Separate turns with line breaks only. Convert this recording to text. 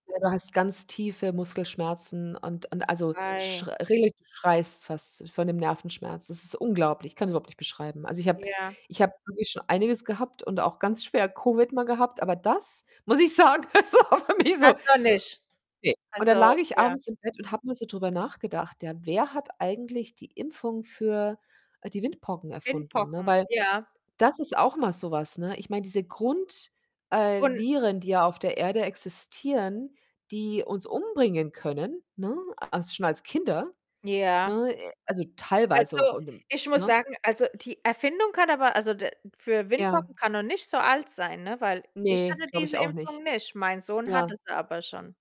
Ja du hast ganz tiefe Muskelschmerzen und und also, sch
Wei
regelrecht du schreist fast von dem Nervenschmerz. Das ist unglaublich. Ich kann's überhaupt nicht beschreiben. Also, ich habe
Ja.
ich habe wirklich schon einiges gehabt und auch ganz schwer Covid mal gehabt, aber das muss ich sagen, das war für mich so
Das noch nicht.
ne, und dann
Also
lag ich
ja.
abends im Bett und habe mal so drüber nachgedacht, ja, wer hat eigentlich die Impfung für, äh, die Windpocken erfunden, ne?
Windpocken,
Weil
ja.
das ist auch mal so was, ne? Ich meine, diese Grund äh,
Un
Viren, die ja auf der Erde existieren, die uns umbringen können, ne, also, schon als Kinder,
Ja.
ne äh, also, teilweise auch,
Also,
in dem
ich muss
ne?
sagen also, die Erfindung kann aber also, d für
Ja.
Windpocken kann noch nicht so alt sein, ne, weil ich
Ne,
hatte
glaube
diese
ich auch nicht.
Impfung nicht, mein Sohn hat
Ja.
es aber schon.